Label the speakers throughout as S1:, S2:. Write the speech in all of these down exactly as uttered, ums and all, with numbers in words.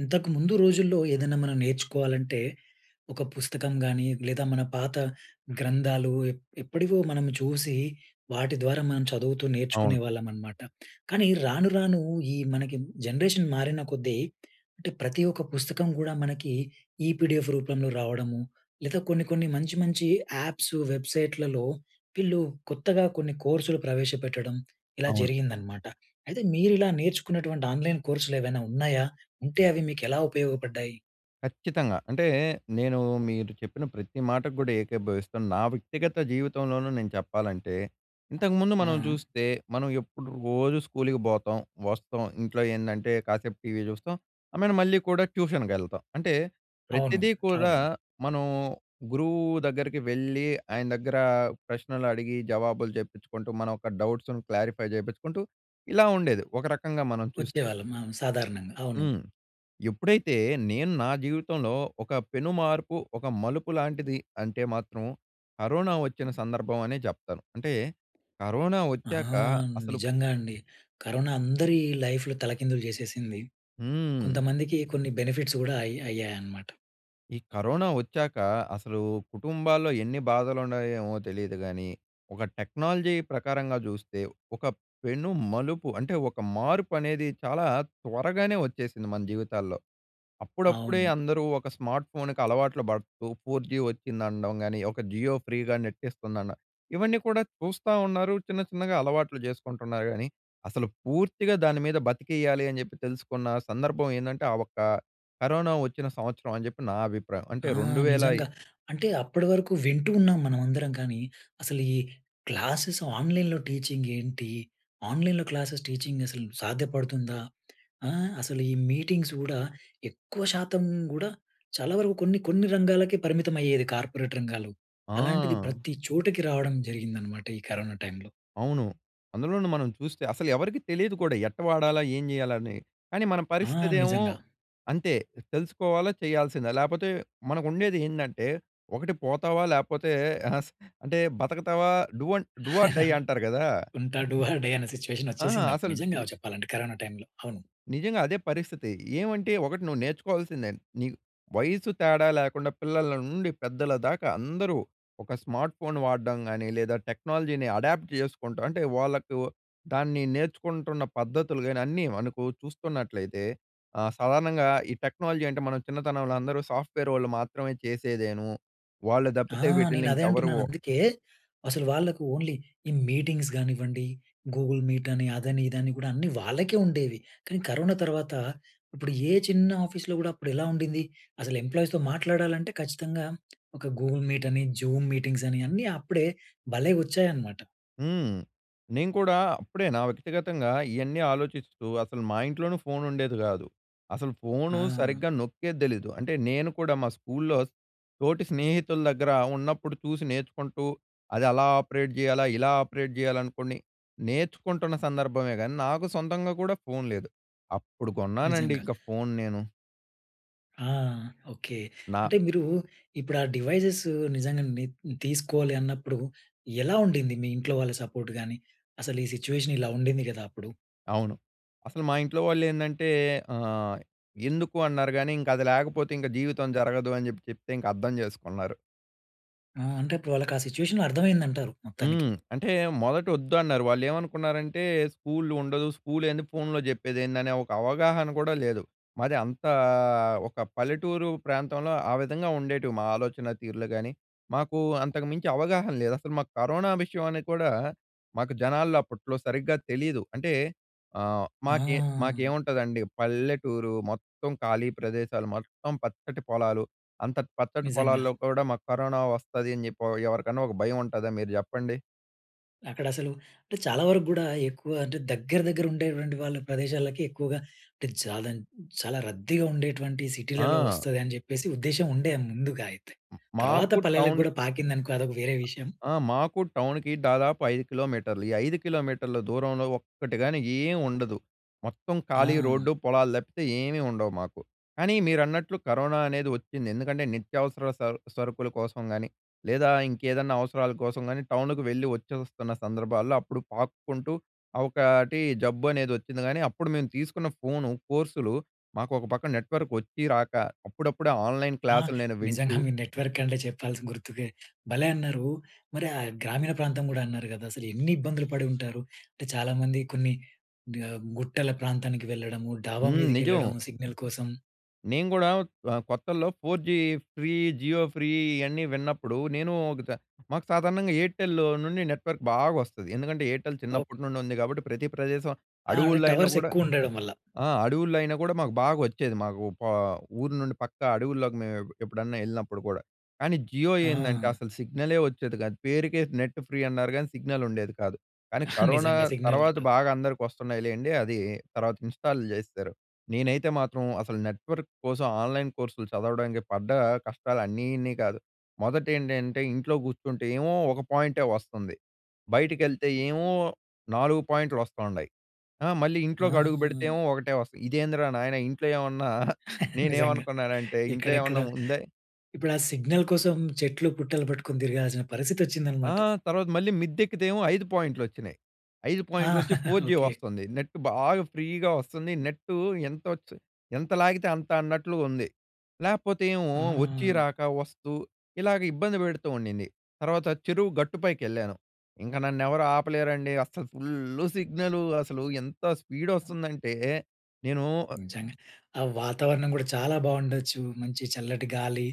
S1: ఇంతకు ముందు రోజుల్లో ఏదైనా మనం నేర్చుకోవాలంటే, ఒక పుస్తకం గానీ, లేదా మన పాత గ్రంథాలు ఎప్ ఎప్పటివో మనం చూసి, వాటి ద్వారా మనం చదువుతూ
S2: అవును.
S1: నేర్చుకునే వాళ్ళం అనమాట. కానీ రాను, రాను ఈ మనకి జనరేషన్ మారిన కొద్దీ అంటే, ప్రతి ఒక్క పుస్తకం కూడా మనకి ఈ పీడిఎఫ్‌ రూపంలో రావడము, లేదా కొన్ని, కొన్ని మంచి మంచి యాప్స్, వెబ్సైట్‌లలో వీళ్ళు కొత్తగా కొన్ని కోర్సులు ప్రవేశపెట్టడం ఇలా
S2: అవును.
S1: జరిగిందనమాట. అయితే, మీరు ఇలా నేర్చుకున్నటువంటి ఆన్‍లైన్ కోర్సులు ఏవైనా ఉన్నాయా? ఉంటే అవి మీకు ఎలా ఉపయోగపడ్డాయి?
S2: ఖచ్చితంగా. అంటే, నేను మీరు చెప్పిన ప్రతి మాటకు కూడా ఏకీభవిస్తాను. నా వ్యక్తిగత జీవితంలోనూ నేను చెప్పాలంటే, ఇంతకుముందు మనం
S1: ఆ!
S2: చూస్తే మనం ఎప్పుడు రోజు స్కూల్‌కి బోతాం, వస్తాం. ఇంట్లో ఏందంటే, కాసేపు టీవీ చూస్తాం. ఐ మీన్ మళ్ళీ కూడా ట్యూషన్‌కెళ్తాం. అంటే,
S1: అవును,
S2: ప్రతిదీ కూడా,
S1: అవును.
S2: మనం గురువు దగ్గరికి వెళ్లి, ఆయన దగ్గర ప్రశ్నలు అడిగి జవాబులు చెప్పించుకుంటూ, మన యొక్క డౌట్స్‌ను క్లారిఫై చేపించుకుంటూ ఇలా ఉండేది. ఒక రకంగా మనం చూస్తే.
S1: వచ్చేవాళ్ళం మనం సాధారణంగా. అవును.
S2: హ్మ్. ఎప్పుడైతే నేను నా జీవితంలో ఒక పెనుమార్పు, ఒక మలుపు లాంటిది అంటే, మాత్రం కరోనా వచ్చిన సందర్భం అనే చెప్తాను. అంటే, కరోనా
S1: ఆ!
S2: వచ్చాక అసలు
S1: నిజంగా అండి. కరోనా అందరి లైఫ్‌‌లు తలకిందులు చేసేసింది.
S2: హ్మ్.
S1: కొంతమందికి కొన్ని బెనిఫిట్స్ కూడా అయ్ అయ్యాయన్నమాట.
S2: ఈ కరోనా వచ్చాక అసలు కుటుంబాల్లో ఎన్ని బాధలుండాయో ఏమో తెలీదు గాని. ఒక టెక్నాలజీ ప్రకారంగా చూస్తే ఒక పెను మలుపు, అంటే ఒక మార్పనేది చాలా త్వరగానే వచ్చేసింది మన జీవితాల్లో. అప్పుడప్పుడే
S1: అవును.
S2: అందరూ ఒక స్మార్ట్ ఫోన్‌కి అలవాట్లు పడుతూ, ఫోర్ జీ వచ్చిందనడం గాని, ఒక జియో ఫ్రీగా నెట్ ఇస్తుందన్న, ఇవన్నీ కూడా చూస్తా ఉన్నారు. చిన్న చిన్నగా అలవాట్లు చేసుకుంటున్నారు గాని, అసలు పూర్తిగా దాని మీద బతికేయాలి అని చెప్పి తెలుసుకున్న సందర్భం ఏందంటే, ఆ ఒక్క కరోనా వచ్చిన సంవత్సరం అని చెప్పి నా అభిప్రాయం. అంటే
S1: ఆ!
S2: రెండు వేల ఇ
S1: నిజంగా అంటే అప్పటివరకు వింటూ ఉన్నాం మనమందరం కానీ, అసలు ఈ క్లాసెస్ ఆన్‍లైన్‍లో టీచింగ్ ఏంటి? ఆన్లైన్‍లో క్లాసెస్ టీచింగ్ అసలు సాధ్యపడుతుందా? ఆహ్, అసలు ఈ మీటింగ్స్ కూడా ఎక్కువ శాతం కూడా చాలా వరకు కొన్ని కొన్ని రంగాలకే పరిమితం అయ్యేది కార్పొరేట్ రంగాల్లో. అలాంటిది
S2: ఆ!
S1: ప్రతి చోటకి రావడం జరిగిందనమాట ఈ కరోనా టైమ్‌లో.
S2: అవును. అందులోనూ మనం చూస్తే అసలు ఎవరికీ తెలియదు కూడా. ఎట్టా వాడాలా? ఏం చేయాలని? కానీ మన
S1: ఆ!
S2: పరిస్థితేమో
S1: నిజంగా.
S2: అంతే తెలుసుకోవాలా, చేయాల్సిందే లేకపోతే మనకు ఉండేది ఏంటంటే ఒకటి పోతావా లేకపోతే స్ అంటే బతకుతావా డూవ డూ ఆర్ డై అంటారు కదా!
S1: ఉంటా డూ ఆర్ డై అనే సిట్యుయేషన్
S2: ఆ!
S1: వచ్చేసిందప్పుడు.
S2: అసలు
S1: నిజంగా చెప్పాలంటే కరోనా టైమ్‌లో. అవును.
S2: నిజంగా అదే పరిస్థితి. ఏమంటే ఒకటి నువ్వు నేర్చుకోవాల్సిందే. నీ వయసు తేడా లేకుండా, పిల్లల నుండి పెద్దల దాకా అందరూ ఒక స్మార్ట్ ఫోన్ వాడడం గాని, లేదా టెక్నాలజీని అడాప్ట్ చేసుకుంటాం. అంటే వాళ్లకు దాన్ని నేర్చుకుంటున్న పద్ధతులు గాని, అన్నీ మనకు చూస్తున్నట్లయితే ఆహ్, సాధారణంగా ఈ టెక్నాలజీ అంటే మనం చిన్నతనంలో అందరూ సాఫ్ట్వేర్ వాళ్ళు మాత్రమే చేసేదేను. వాళ్ళు
S1: ఆ!
S2: తప్పితే వీటిని
S1: నేను అదే
S2: ఇంకెవరు
S1: అంటున్నానందుకే, అసలు వాళ్ళకు ఓన్లీ ఈ మీటింగ్స్ కానివ్వండి, గూగుల్ మీట్ అని అదని ఇదని కూడా అన్నీ వాళ్ళకే ఉండేవి. కానీ కరోనా తర్వాత ఇప్పుడు ఏ చిన్న ఆఫీస్‌లో కూడా అప్పుడు ఎలా ఉండింది. అసలు ఎంప్లాయీస్‌తో మాట్లాడాలంటే, ఖచ్చితంగా ఒక గూగుల్ మీట్ అని, జూమ్ మీటింగ్స్ అని అన్నీ అప్పుడే భలే వచ్చాయన్నమాట.
S2: హ్మ్. నేను కూడా అప్పుడే నా వ్యక్తిగతంగా ఇయన్నీ ఆలోచిస్తూ అసలు మా ఇంట్లోనూ ఫోన్ ఉండేది కాదు. అసలు ఫోను
S1: ఆ!
S2: సరిగ్గా నొక్కేది తెలీదు. అంటే నేను కూడా మా స్కూల్‌లో తోటి స్నేహితుల దగ్గర ఉన్నప్పుడు చూసి నేర్చుకుంటూ, అది అలా ఆపరేట్ చేయాలా, ఇలా ఆపరేట్ చేయాలనుకోనీ నేర్చుకుంటున్న సందర్భమే కానీ, నాకు సొంతంగా కూడా ఫోన్ లేదు. అప్పుడు కొన్నానండి
S1: నిజంగా.
S2: ఇంక ఫోన్ నేను.
S1: ఆ! ఓకే.
S2: నా
S1: అంటే మీరు ఇప్పుడు ఆ డివైజెస్సు నిజంగా ని తీసుకోవాలి అన్నప్పుడు ఎలా ఉండింది మీ ఇంట్లో వాళ్ళ సపోర్ట్ గాని? అసలు ఈ సిట్యుయేషన్ ఇలా ఉండింది కదా! అప్పుడు.
S2: అవును. అసలు మా ఇంట్లో వాళ్ళేందంటే ఆహ్, "ఎందుకు?" అన్నారు కానీ, "ఇంక అది లేకపోతే ఇంక జీవితం జరగదు" అని చెప్పి చెప్తే ఇంక అర్థం చేసుకున్నారు.
S1: ఆ! అంటే అప్పుడు వాళ్ళకి ఆ సిట్యుయేషన్ అర్థమైంది అంటారు మొత్తానికి.
S2: హ్మ్. అంటే మొదటోద్దు అన్నారు. వాళ్ళేమనుకున్నారంటే "స్కూలుండదు, స్కూల్ ఏంది? ఫోన్‌లో చెప్పేది ఏంది?" అనే ఒక అవగాహన కూడా లేదు. మాది అంతా ఒక పల్లెటూరు ప్రాంతంలో ఆ విధంగా ఉండేటివి మా ఆలోచన తీరు‌లు కానీ, మాకు అంతకు మించి అవగాహన లేదు. అసలు మాకు కరోనా విషయం అని కూడా మాకు జనాల్లో అప్పట్లో సరిగ్గా తెలీదు. అంటే ఆహ్, మాకే
S1: ఆ!
S2: మాకేముంటదండి పల్లెటూరు, మొత్తం ఖాళీ ప్రదేశాలు, మొత్తం పచ్చటి పొలాలు, అంతటి పచ్చటి
S1: నిజంగా.
S2: పొలాల్లో కూడా మాకు కరోనా వస్తది అని చెప్పి ఆహ్, ఎవరికన్నా ఒక భయముంటదా మీరు చెప్పండి?
S1: అక్కడ అసలు, అంటే చాలా వరకు కూడా ఎక్కువ అంటే దగ్గర, దగ్గర ఉండేటటువంటి వాళ్ళ ప్రదేశాలకి ఎక్కువగా అంటే జాదన్ చాలా రద్దీగా ఉండేటటువంటి సిటీలలో
S2: ఆ!
S1: వస్తది అని చెప్పేసి, ఉద్దేశ్యం ఉండే ముందుగా అయితే. తర్వాత
S2: మాకు
S1: పల్లెలకి
S2: టౌను
S1: కూడా పాకిందనుకో అదొక వేరే విషయం.
S2: ఆ! మాకు టౌన్‍కి దాదాపు ఐదు కిలోమీటర్లు. ఈ ఐదు కిలోమీటర్ల దూరంలో ఒక్కటి గాని ఏం ఉండదు. మొత్తం ఖాళీ రోడ్డు,
S1: ఆ!
S2: పొలాలు తప్పితే ఏమీ ఉండవు మాకు. కానీ, మీరన్నట్లు కరోనా అనేది వచ్చింది. ఎందుకంటే, నిత్యావసర స సరుకుల కోసం కానీ, లేదా ఇంకేదన్నా అవసరాల కోసం కాని, టౌన్‍కి వెళ్ళి వచ్చేస్తున్న సందర్భాల్లో, అప్పుడు పాక్కుంటూ ఆ ఒకటి జబ్బు అనేది వచ్చింది కానీ అప్పుడు మేము తీసుకున్న ఫోను కోర్సులు మాకు ఒక పక్కన నెట్‌వర్క్ వచ్చి, రాక అప్పుడప్పుడే ఆన్‍లైన్
S1: ఆ!
S2: క్లాసులు నేను
S1: నిజంగా.
S2: వింటూ
S1: మీ నెట్‌వర్క్ అంటే చెప్పాల్సింది గుర్తుకే భలే అన్నారు. మరి ఆహ్, గ్రామీణ ప్రాంతం కూడా అన్నారు కదా, అసలు ఎన్ని ఇబ్బందులు పడి ఉంటారు. అంటే చాలా మంది కొన్ని ఆహ్, గుట్టల ప్రాంతానికి వెళ్ళడము, డాబా
S2: హ్మ్. నిజం.
S1: మీదకెళ్ళడం సిగ్నల్ కోసం.
S2: నేను కూడా ఆహ్, కొత్తల్లో four G free Jio free ఇవన్నీ విన్నప్పుడు నేను ఒక చ మాకు సాధారణంగా ఎయిర్టెల్ నుండి నెట్‌వర్క్ బాగా వస్తది. ఎందుకంటే, ఎయిర్టెల్
S1: ఓ
S2: చిన్నప్పటి నుండి ఉంది కాబట్టి ప్రతి ప్రదేశం,
S1: ఆ! ఆడ
S2: అడవుల్లో అయినా
S1: టవర్స్
S2: కూడా
S1: ఎక్కువ ఉండడం వల్ల.
S2: ఆ! అడవుల్లో అయినా కూడా మాకు బాగా వచ్చేది. మాకు పా ఊరు నుండి పక్క అడవుల్లోకి మేము ఎప్పుడన్నా వెళ్ళినప్పుడు కూడా. కానీ జియో ఏందంటే,
S1: ఆ!
S2: అసలు సిగ్నల్ వచ్చేది కాదు. పేరుకే నెట్ ఫ్రీ అన్నారు కానీ సిగ్నల్ ఉండేది కాదు. కానీ, కరోనా
S1: నిజంగా సిగ్నల్
S2: తర్వాత
S1: ఉండదు.
S2: బాగా అందరికి వస్తున్నాయి లెండి. అది తర్వాత ఇన్స్టాల్ జేసేరు. నేనైతే మాత్రం అసలు నెట్ వర్క్ కోసం, ఆన్‍లైన్ కోర్సులు చదవడానికి పడ్డ కష్టాలు అన్నీ ఇన్ని కాదు. మొదట ఏంటంటే, ఇంట్లో కూర్చుంటే ఏమో ఒక పాయింటే వస్తుంది. బయటికెళ్తే ఏమో నాలుగు పాయింట్లు వస్తుండాయి. ఆహ్, మళ్ళీ
S1: ఆ!
S2: ఇంట్లోకి అడుగు పెడితే ఏమో ఒకటే వస్తది. ఇదేందిరా నాయన ఇంట్లో ఏమన్నా
S1: నిజంగా.
S2: నేనేమనుకున్నాను అంటే ఇంట్లో ఏమన్నా
S1: ఎక్కడెక్కడో
S2: ఉందై
S1: ఇప్పుడా సిగ్నల్ కోసం చెట్లు, పుట్టలు పట్టుకొని తిరగాల్సిన
S2: ఆ!
S1: పరిస్థితొచ్చిందన్నమాట.
S2: తర్వాత మళ్ళీ మిద్ద ఎక్కితే ఏమో, ఐదు పాయింట్లు వచ్చినాయి. ఐదు
S1: ఆ!
S2: పాయింట్లోచ్చి ఫోర్ జీ
S1: ఓకే.
S2: వస్తుంది నెట్ బాగా ఫ్రీగా వస్తుంది. నెట్టు ఎం‌తోచి ఎంత లాగితే అంత అన్నట్లుగా ఉంది. లేకపోతే, ఏమో వచ్చి
S1: ఆ!
S2: రాక వస్తూ ఇలాగ ఇబ్బంది పెడుతూ ఉండింది. తర్వాత చెరువు గట్టుపైకెళ్ళాను. ఇంక నన్నెవరు ఆపలేరండి, అస్సలు ఫుల్లు సిగ్నలు అసలు ఎంత స్పీడ్ వస్తుందంటే, నేను ఆహ్
S1: నిజంగా. ఆ వాతావరణం కూడా చాలా బాగుండొచ్చు, మంచి చల్లటి గాలి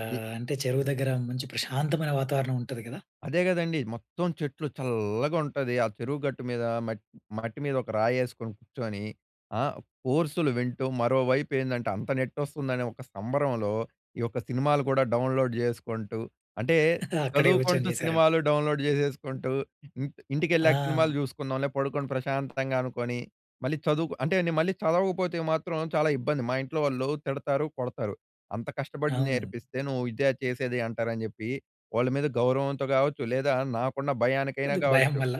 S1: ఆహ్, అంటే చెరువు దగ్గర మంచి ప్రశాంతమైన వాతావరణం ఉంటది కదా!
S2: అదే కదండీ. మొత్తం చెట్లు, చల్లగా ఉంటది ఆ చెరువు గట్టు మీద మ‌‌ట్ మట్టి మీద ఒక రాయి ‌యెసుకొని కూర్చొని ఆహ్, కోర్సులు వింటూ మరోవైపు ఏందంటే, అంత నెట్ వస్తుందని ఒక సంబరంలో, ఈ యొక్క సినిమాలు కూడా డౌన్‌లోడ్ చేసుకుంటూ, అంటే
S1: అక్కడే కూర్చొని
S2: చదువుకుంటూ
S1: చేశా‌రా!
S2: సినిమాలు డౌన్‌లోడ్ చేసుకుంటూ ఇంట్ ఇంటికెళ్ళాక సినిమాలు
S1: ఆ!
S2: చూసుకుందాం‌లే పడుకొని ప్రశాంతంగా అనుకోని, మళ్ళీ చదువు‌కు అంటే నేను మళ్ళీ చదవకపోతే మాత్రం చాలా ఇబ్బంది. మా ఇంట్లో వాళ్ళు తిడతారు, కొడతారు. అంత కష్టపడి
S1: అవును.
S2: నేర్పిస్తే నువ్వు ఇదా చేసేది అంటారు అని చెప్పి, వాళ్ళ మీద గౌరవంతో కావచ్చు లేదా నాకున్న భయానికైనా
S1: కొద్ది భయం
S2: కావచ్చు
S1: వల్ల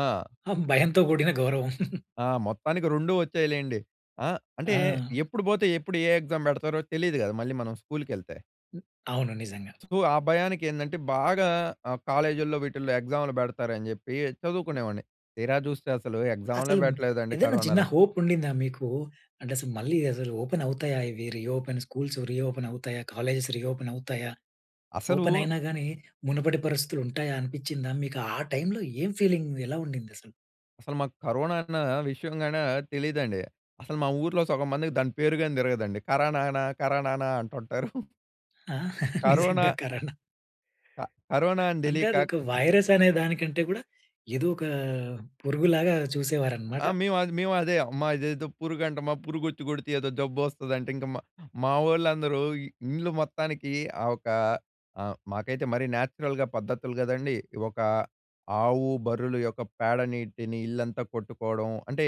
S2: ఆ!
S1: ఆహ్, భయంతో కూడిన గౌరవం.
S2: ఆ! మొత్తానికి రెండు వచ్చాయి లెండి. ఆహ్, అంటే
S1: ఆ!
S2: ఎప్పుడు పోతే ఎప్పుడు ఏ ఎక్సామ్ పెడతారో తెలియదు కదా, మళ్ళీ మనం స్కూల్‌కెళ్తే.
S1: హ్మ్. అవును నిజంగా.
S2: తు ఆ భయానికేందంటే, బాగా ఆహ్, కాలేజిల్లో వీటిల్లో ఎగ్జాములు పెడతారని చెప్పీ, చదువుకునేవాడిని. తీరా జూస్తే, అసలు ఎగ్జాములే
S1: అసలుమ్
S2: పెట్టలేదండి
S1: ఏదన్నా చిన్న
S2: కరోనాలో.
S1: హోపుండిందా మీకు? అంటెసు మళ్ళీ అసలు ఓపెనవుతాయా ఇవి? రీఓపెన్ స్కూల్స్ రీఓపెనవుతాయా? కాలేజేస్ రీఓపెనవుతాయా?
S2: అసలూ...
S1: ఓపెనయినా గానీ, మునుపటి పరిస్థితులుంటాయా అనిపిచ్చిందా? మీకు ఆ టైమ్‌లో ఏం ఫీలింగ్, ఎలా ఉండిందసలు?
S2: అసలు మాకు కరోనా అన్నా విషయంగానా తెలీదండి. అసలు మా ఊర్లో సొగం మందికి దాని పేరు గానీ దిరగదండి. కరనానా, కరనానా అంటుంటారు.
S1: ఆ!
S2: కరోనా...
S1: నిజంగా. కరోనా
S2: క కరోనా అని
S1: అంటే,
S2: దెలీక
S1: అదొక వైరస్సనే దానికంటే గూడా, ఏదోకా పురుగులాగా చూసేవారనమాట.
S2: ఆ! మేవద్ మేవదే. అమ్మా ఇదేదో పురుగంటమా. పురుగొచ్చి గొడితే ఏదో జబ్బొస్తదంట. ఇంక మా మావోళ్ళందరూ ఇ ఇండ్లు మొత్తానికీ ఆహ్, ఒకా ఆహ్, మాకైతే మరీ నాచురల్‍గా పద్ధతులు గదండీ. ఒక ఆవు, బర్రులు యొక్క పేడ నీటిని ఇల్లంతా కొట్టుకోడం. అంటే,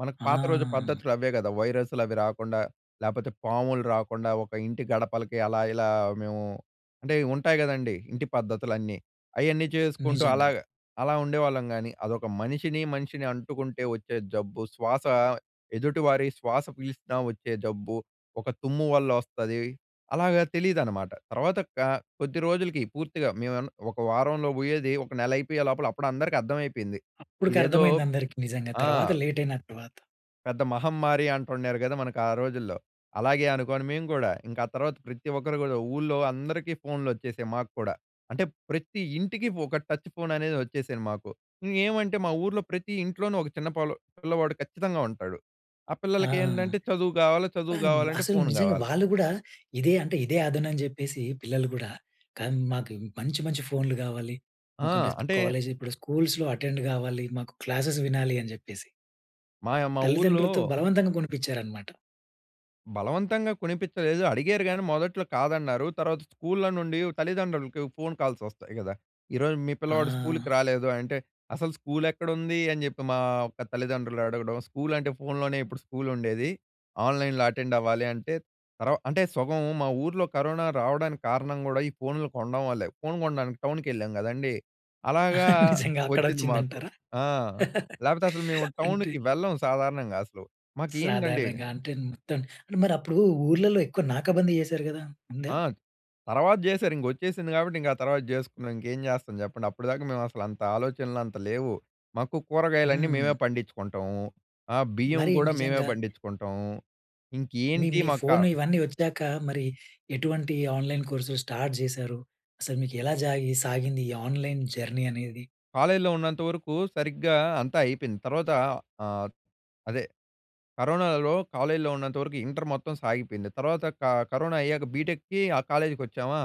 S2: మనకు పాత రోజు
S1: ఆ!
S2: పద్ధతులు అవే గదా, వైరస్లు అవి రాకుండా, లేపోతే పాములు రాకుండా, ఒక ఇంటి గడపలకి అలా ఇలా మేము అంటే, ఇవుంటాయి గదండీ, ఇంటి పద్ధతులన్నీ. అయన్నీ చేసుకుంటూ
S1: నిజంగా.
S2: అలాగా అలా ఉండేవాళ్ళం గానీ. అదొక మనిషిని, మనిషిని అంటుకుంటే ఒచ్చే జబ్బు, శ్వాస ఎదుటి వారి శ్వాస పీల్చినా ఒచ్చే జబ్బు, ఒక తుమ్ము వల్లొస్తది, అలాగా తెలీదనమాట. తర్వాత, క కొద్ది రోజులుకి పూర్తిగా మేవేన్న ఒక వారంలో బొయ్యేది, ఒక నెలయిపోయే లోపల అప్పుడందరికీ అర్థం అద్దమైపోయింది. ఇదేదో
S1: అప్పుడుకర్థమైంది అందరికి నిజంగా.
S2: ఆ!
S1: తర్వాత లేటయిన తర్వాత.
S2: పెద్ద మహమ్మారి అంటుండారు కదా! మనకు ఆ రోజుల్లో. అలాగే అనుకోని మేము కూడా, ఇంకా ఆ తర్వాత ప్రతి ఒక్కరు కూడా, ఊర్లో అందరికీ ఫోన్‌లు వచ్చేసాయి మాకు కూడా. అంటే ప్రతి ఇంటికి ఒక టచ్ ఫోన్ అనేది వచ్చేసింది మాకు. ఇంగేమంటే మా ఊర్లో ప్రతి ఇంట్లోనూ ఒక చిన్న పొల్ల పిల్లవాడు ఖచ్చితంగా ఉంటాడు. ఆ
S1: ఆ!
S2: పిల్లలకి ఏంటంటే చదువు కావాలి. చదువు
S1: పామ్
S2: కావాలంటే
S1: అసలు
S2: ఫోన్
S1: నిజంగా
S2: కావాలి.
S1: వాళ్ళు కూడా ఇదే అంటే, ఇదే అదును అని చెప్పేసి, పిల్లలు కూడా కం మాకు మంచి, మంచి ఫోన్‌లు కావాలి.
S2: ఆ!
S1: మాకంటే స్ క
S2: అంటే
S1: కాలేజీ ఇప్పుడు స్కూల్స్‌లో అటెండ్ కావాలి. మాకు క్లాసెస్ వినాలి అని చెప్పేసి.
S2: మాయ మా ఊర్లో
S1: తల్లిదండ్రులతో బలవంతంగా కొనిపించారన్నమాట.
S2: బలవంతంగా కొనిపించలేదు అడిగారు గానీ మొదట్లో కాదన్నారు. తర్వాత స్కూల్‌లో నుండి తల్లిదండ్రులకి ఫోన్ కాల్స్ వస్తాయి కదా! "ఈరోజు మీ పిల్లవాడు స్కూల్‌కి
S1: ఆ!
S2: రాలేదు" అంటే, "అసలు స్కూల్ ఎక్కడుంది?" అని చెప్పి మా యొక్క తల్లిదండ్రులు అడగడం, స్కూల్ అంటే ఫోన్‌లోనే ఇప్పుడు స్కూల్ ఉండేది. ఆన్‌లైన్‌లో అటెండ్ అవ్వాలి అంటే, తర్వ అంటే సగం మా ఊర్లో కరోనా రావడానికి కారణం కూడా ఈ ఫోన్‌లు కొనడం వల్లే. ఫోన్ కొనడానికి టౌన్‍కి వెళ్ళాం కదండీ! అలాగా
S1: నిజంగా అక్కడ
S2: వచ్చింది మాకు.
S1: వచ్చిందంటారా?
S2: ఆ! లేపోతే అసలు మేము
S1: అంటే
S2: టౌన్‌కి వెళ్ళం సాధారణంగా అసలు. మాకెంటండి
S1: సాధారణంగా అంటే మొత్తం మరప్పుడు ఊర్లలో ఎక్కువ నాకాబందీ చేసారు కదా! ఉందా?
S2: ఆ! తర్వాత చేసారింక వచ్చేసింది కాబట్టి, ఇంక ఆ తర్వాత చేసుకున్నాం. ఇంకేం చేస్తాం చెప్పండి. అప్పటి దాకా మేము అసలంత ఆలోచనలు అంత లేవు. మాకు కూరగాయలన్నీ మేమే
S1: హ్మ్.
S2: పండించుకుంటాం. ఆహ్, బియ్యం
S1: మరి
S2: కూడా మేమే
S1: నిజంగా
S2: పండించుకుంటాం
S1: మీ
S2: ఇంకేంటి
S1: మీ
S2: మక్క
S1: ఫోన్ ఇవన్నీ వచ్చాక మరి ఎటువంటి ఆన్‍లైన్ కోర్సులు స్టార్ట్ చేశారు? అసలు మీకు ఎలా జాగి సాగింది ఈ ఆన్‌లైన్ జర్నీ అనేది?
S2: కాలేజ్‌లో ఉన్నంత వరకు సరిగ్గా అంతా అయిపోయింది. తర్వాత ఆహ్, అదే కరోనాలో కాలేజ్‌లో ఉన్నంత వరకు ఇంటర్ మొత్తం సాగిపోయింది. తర్వాత క కరోనా అయ్యాక బీటెక్‌కి ఆ కాలేజ్‌‌కి వచ్చామా,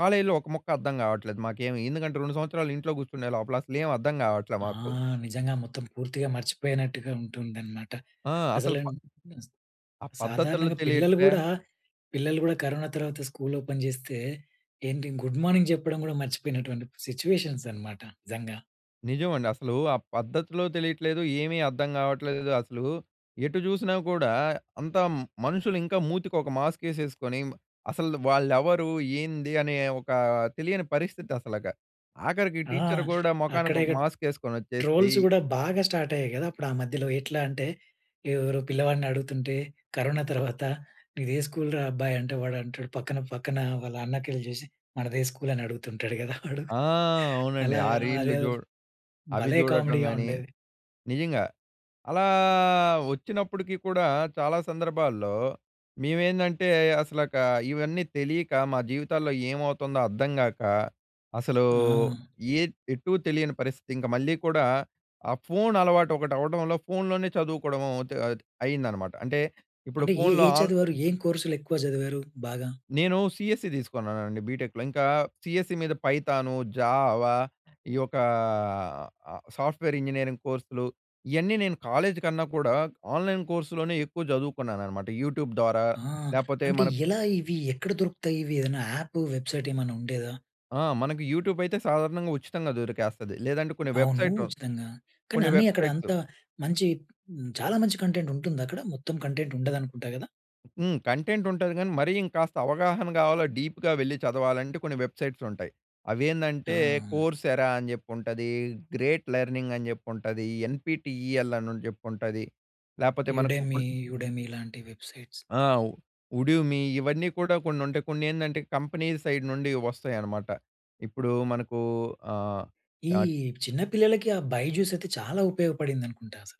S2: కాలేజ్‌లో ఒక ముక్క అర్థం కావట్లేదు మాకేమి. ఎందుకంటే రెండు సంవత్సరాలు ఇంట్లో కూర్చునే లోపల అసలు ఏమి అర్థం కావట్లా
S1: ఆ!
S2: మాకు.
S1: నిజంగా మొత్తం పూర్తిగా మర్చిపోయినట్టుగా ఉంటుందన్నమాట.
S2: ఆ!
S1: అసలు
S2: అసలు
S1: అన్
S2: ప ఆ పద్ధతులు
S1: సాధారణంగా పిల్లలు
S2: తెలియట్లే.
S1: కూడా, పిల్లలు కూడా కరోనా తర్వాత స్కూల్ ఓపెన్ చేస్తే ఏంటి? గుడ్ మార్నింగ్ చెప్పడం కూడా మర్చిపోయినటువంటి సిట్యుయేషన్స్ అన్నమాట నిజంగా.
S2: నిజమండి అసలు ఆ పద్ధతులు తెలియట్లేదు, ఏమీ అర్థం కావట్లేదు అసలు ఎటు చూసినా కూడా అంతా మనుషులు ఇంకా మూతికి ఒక మాస్క్ వేసేసుకొని, మ అసలు వాళ్ళు ఎవరు? ఏంది? అనే ఒక తెలియని పరిస్థితి అసలక. ఆఖరికి
S1: ఆ!
S2: టీచర్ కూడా
S1: అక్కడ
S2: మొఖానికి ఒక
S1: ఇక
S2: మాస్క్ మాస్క్ వేసుకొని వచ్చేసి
S1: ట్రోల్స్ కూడా బాగా స్టార్ట్ అయ్యాయి కదా! అప్పుడు ఆ మధ్యలో ఎట్లా అంటే, ఎవరో పిల్లవాడిని అడుగుతుంటే, "కరోనా తర్వాత నీదే స్కూల్‌రా అబ్బాయి?" అంటే వాడు అంటాడు, పక్కన పక్కన వాళ్ళ అన్నకెల్లి చూసి, "మనదే స్కూల్" అనడుగుతుంటాడు కదా! వాడు.
S2: ఆ! అవునండి.
S1: అలాగ
S2: ఆ రీల్‌లు
S1: అదే
S2: చూ అవి
S1: భలే
S2: చూడటం
S1: కామెడీగా
S2: కానీ,
S1: ఉండేది.
S2: నిజంగా అలా వచ్చినప్పటికీ కూడా చాలా సందర్భాల్లో, మేమేందంటే అసలక ఇవన్నీ తెలియక, మా జీవితాల్లో ఏమవుతుందో అర్థం కాక, అసలు
S1: ఆ!
S2: ఏద్ ఎటూ తెలియని పరిస్థితి. ఇంక మళ్ళీ కూడా ఆ ఫోన్ అలవాటు ఒకటి అవ్వడంలో, ఫోన్‍లోనే చదువుకోవడం అవుతూ అది అయిందనమాట అంటే ఇప్పుడు
S1: అంటే ఏ
S2: ఫోన్‍లో
S1: ఏ
S2: ఆన్
S1: చదివారు? ఏం కోర్స్‌లు ఎక్కువ చదివారు బాగా?
S2: నేను సిఎస్‌సి తీసుకున్నానండి బిటెక్‌లో. ఇంకా సిఎస్‌సి మీద పైథాను, జావ ఈ ఒక సాఫ్ట్‌వేర్ ఇంజినీరింగ్ కోర్స్‌లు. ఇయన్నీ నేను కాలేజ్ కన్నా కూడా ఆన్‌లైన్ కోర్స్‌లోనే ఎక్కువ చదువుకున్నానన్నమాట. యూట్యూబ్ ద్వారా
S1: ఆ!
S2: లేపోతే
S1: అంటే
S2: మన ప్
S1: ఎలా ఇవి ఎక్కడ దొరుకుతాయి? ఇవి ఏదైనా యాప్, వెబ్‌సైట్ ఏమైనా ఉండేదా?
S2: ఆ! మనకు యూట్యూబైతే సాధారణంగా ఉచితంగా దొరికేస్తది. లేదంటే కొన్ని
S1: అవును
S2: వెబ్‌సైటు,
S1: ఉచితంగా. కానీ
S2: కొన్ని
S1: అన్ని అక్కడ
S2: వెబ్‌సైట్సు
S1: అంత మంచి చాలా మంచి కంటెంట్ ఉంటుందా అక్కడ? మొత్తం కంటెంట్ ఉండదనుకుంటా కదా?
S2: హ్మ్. కంటెంట్ ఉంటది కానీ, మరి ఇంకాస్త అవగాహన కావాల డీప్‌గా వెళ్లి చదవాలంటే కొన్ని వెబ్‌సైట్స్ ఉంటాయి. అవి ఏందంటే
S1: ఆ!
S2: కోర్స్ఎరా అని జెప్పి ఉంటది, గ్రేట్ లెర్నింగ్ అని జెప్పి ఉంటది, ఎన్‌పీటీఈఎల్ అని జెప్పి ఉంటది, లేకపోతే మనకు
S1: 'యుడేమి'
S2: ఇప్పుడు
S1: 'యుడేమి' లాంటి వెబ్‌సైట్స్.
S2: ఆ! ఉడిమి ఇవన్నీ కూడా కొన్ని ఉంటాయి. కొన్ని ఏందంటే కంపెనీ సైడ్ నుండి వస్తాయి అన్నమాట. ఇప్పుడు మనకు ఆహ్,
S1: ఈ
S2: ఆ
S1: చిన్న పిల్లలకి ఆ బైజుసైతే చాలా ఉపయోగపడింది అనుకుంటా అసలు.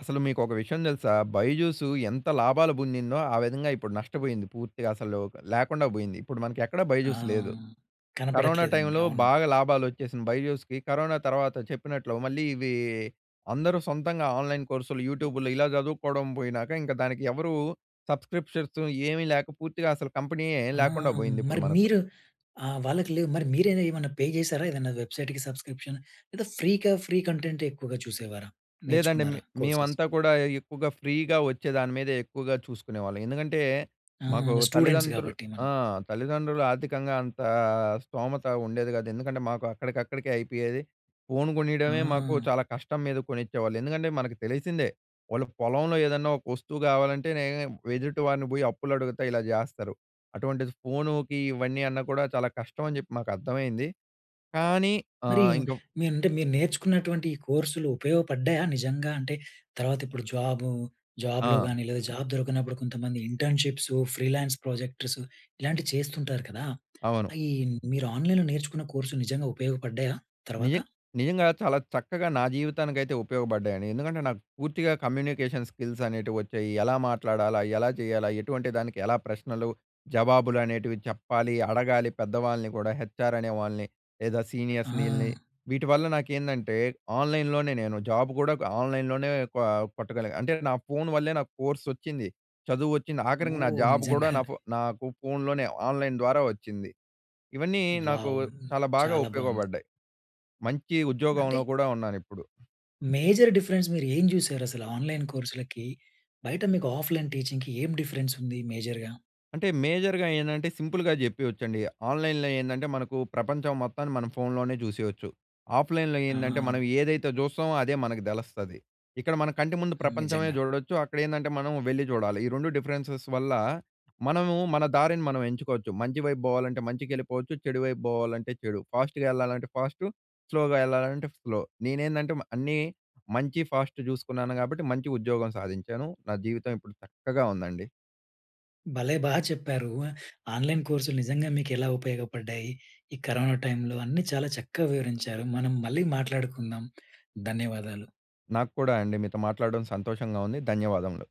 S2: అసలు మీకు ఒక విషయం తెలుసా? 'బైజుసు' ఎంత లాభాలు పొందిందో ఆ విధంగా ఇప్పుడు నష్టపోయింది పూర్తిగా. అసలు లేకుండా పోయింది. ఇప్పుడు మనకి ఎక్కడా
S1: ఆ!
S2: 'బైజుస్' లేదు. కరోనా
S1: కనపడట్లేదండి.
S2: టైమ్‌లో
S1: అవును.
S2: బాగా లాభాలోచ్చేసినయి 'బైజుస్‌కి', కరోనా తర్వాత చెప్పినట్లు మళ్ళీ ఇవి అందరూ సొంతంగా ఆన్‌‌లైన్ కోర్స్‌లు, యూట్యూబ్‌లో ఇలా చదువుకోవడం పోయినాక ఇంక దానికి ఎవరు సబ్‌స్క్రిప్షన్ ఏమి లేక పూర్తిగా అసలు కంపెనీయే
S1: ఆ!
S2: లేకుండా పోయింది ఇప్పుడు
S1: మరి
S2: మనకు.
S1: మీరు ఆహ్, వాళ్ళకి లేదు. మరి మీరైనా ఏమైనా పే చేసారా? ఏదైనా వెబ్‌సైట్‌కి సబ్‌స్క్రిప్షన్ లేదా ఫ్రీగా ఫ్రీ కంటెంట్ ఎక్కువగా చూసేవారా?
S2: లేదండి. మే
S1: నేర్చుకున్నారా కోర్సెస్?
S2: మేమంతా కూడా ఎక్కువగా ఫ్రీగా వచ్చే దాని మీదే ఎక్కువగా చూసుకునేవాళ్ళం. ఎందుకంటే
S1: ఆ!
S2: మాకు
S1: స్టూడెంట్స్
S2: తల్లిదండ్రు
S1: కాబట్టి
S2: ఆ!
S1: మనం.
S2: తల్లిదండ్రులు ఆర్థికంగా అంత స్థోమత ఉండేది కాదు. ఎందుకంటే మాకు అక్కడికక్కడికే అయిపోయేది. ఫోను కొనియడమే మాకు
S1: ఆ!
S2: చాలా కష్టం మీద కొనిచ్చేవాళ్ళు. ఎందుకంటే మనకు తెలిసిందే వాళ్ళుకు పొలంలో ఏదన్నా ఒక వస్తువు కావాలంటేనే ఎదుటి వారిని పోయి అప్పులు అడుగుత ఇలా చేస్తారు. అటువంటిది ఫోనుకి ఇవన్నీ అన్నా కూడా చాలా కష్టం అని చెప్పి నాకార్ధమైంది. కానీ
S1: మరి
S2: ఆహ్, ఇంక
S1: మీరు అంటే మీరు నేర్చుకున్నటువంటి కోర్సులు ఉపయోగపడ్డాయా? నిజంగాంటే తర్వాత ఇప్పుడు జాబు జాబ్‌లో
S2: ఆ!
S1: గాని లేదా జాబ్ దొరకనప్పుడు కొంతమంది ఇంటర్న్‌షిప్సు, ఫ్రీలాన్స్ ప్రొజెక్టర్సు ఇలాంటివి చేస్తుంటారు కదా!
S2: అవును.
S1: ఈ మీరు ఆన్‌లైన్‌లో నేర్చుకున్న కోర్స్ నిజంగా ఉపయోగపడ్డాయా
S2: నిజ
S1: తర్వాత?
S2: నిజంగా చాలా చక్కగా నా జీవితానికైతే ఉపయోగపడ్డాయండి. ఎందుకంటే నాకు పూర్తిగా కమ్యూనికేషన్ స్కిల్స్ అనేటివి వచ్చాయి. ఎలా మాట్లాడాలా? ఎలా చేయాలా? ఎటువంటి దానికి ఎలా ప్రశ్నలు జవాబులు అనేటివి చెప్పాలి, అడగాలి, పెద్దవాళ్ళని కూడా, హెచ్ఆర్ అనే వాళ్ళని. లేదా సీనియర్స్‌ని ఈల్లని.
S1: ఆ!
S2: వీటివల్ల నాకేందంటే ఆన్‍లైన్‍లోనే నేను జాబ్ కూడా ఆన్‌లైన్‌లోనే కొ కొట్టగలిగాను. అంటే నా ఫోను వల్లే నాకు కోర్సోచ్చింది, చదువోచ్చింది, ఆఖరికి నా
S1: ఓహ్!
S2: జాబ్ కూడా
S1: నిజంగా.
S2: నా ఫో నాకు ఫోన్‍లోనే ఆన్‍లైన్ ద్వారా వచ్చింది. ఇవన్నీ నాకు
S1: వావ్!
S2: చాలా బాగా
S1: చాలా బావుంది.
S2: ఉపయోగపడ్డాయి. మంచి ఉద్యోగంలో
S1: నటే
S2: కూడా ఉన్నానిప్పుడు.
S1: మేజర్ డిఫరెన్స్ మీరు ఏం చూసారు? అసలు ఆన్‌లైన్‌ కోర్స్‌లకి బయట మీకు ఆఫ్‌లైన్ టీచింగ్‌కి ఏం డిఫరెన్స్ ఉంది మేజర్‌గా?
S2: అంటే మేజర్‌గా ఏందంటే సింపుల్‌గా చెప్పేయచ్చండి. ఆన్‍లైన్‍లో ఏందంటే మనకు ప్రపంచం మొత్తాన్ని మనం ఫోన్‌లోనే చూసేయచ్చు. ఆఫ్‍లైన్‍లో ఏందంటే
S1: ఆ!
S2: మనం ఏదైతే చూస్తామో అదే మనకు తెలుస్తది. ఇక్కడ మన కంటి ముందు
S1: హ్మ్.
S2: ప్రపంచమే
S1: నిజంగా.
S2: చూడొచ్చు. అక్కడ ఏందంటే మనం వెళ్లి చూడాలి. ఈ రెండు డిఫరెన్సెస్ వల్ల మనము మన దారిని మనం ఎంచుకోవచ్చు, మంచి వైపు పోవాలంటే మంచికెళ్ళిపోవచ్చు, చెడు వైపు పోవాలంటే చెడు. ఫాస్ట్‌గా వెళ్ళాలంటే ఫాస్టు, స్లోగా వెళ్ళాలంటే స్లో. నేనేందంటే మా అన్నీ మంచి ఫాస్ట్ చూసుకున్నాను కాబట్టి మంచి ఉద్యోగం సాధించాను నా జీవితం ఇప్పుడు చక్కగా ఉందండి.
S1: భలే బా చెప్పారు. ఆన్‌లైన్‌ కోర్స్‌లు నిజంగా మీకు ఎలా ఉపయోగపడ్డాయి. ఈ కరోనా టైమ్‌లో అన్నీ చాలా చక్కగా వివరించారు. మనం మళ్ళీ మాట్లాడుకుందాం. ధన్యవాదాలు.
S2: నాకు కూడా అండి. మీతో మాట్లాడడం సంతోషంగా ఉంది. ధన్యవాదములు.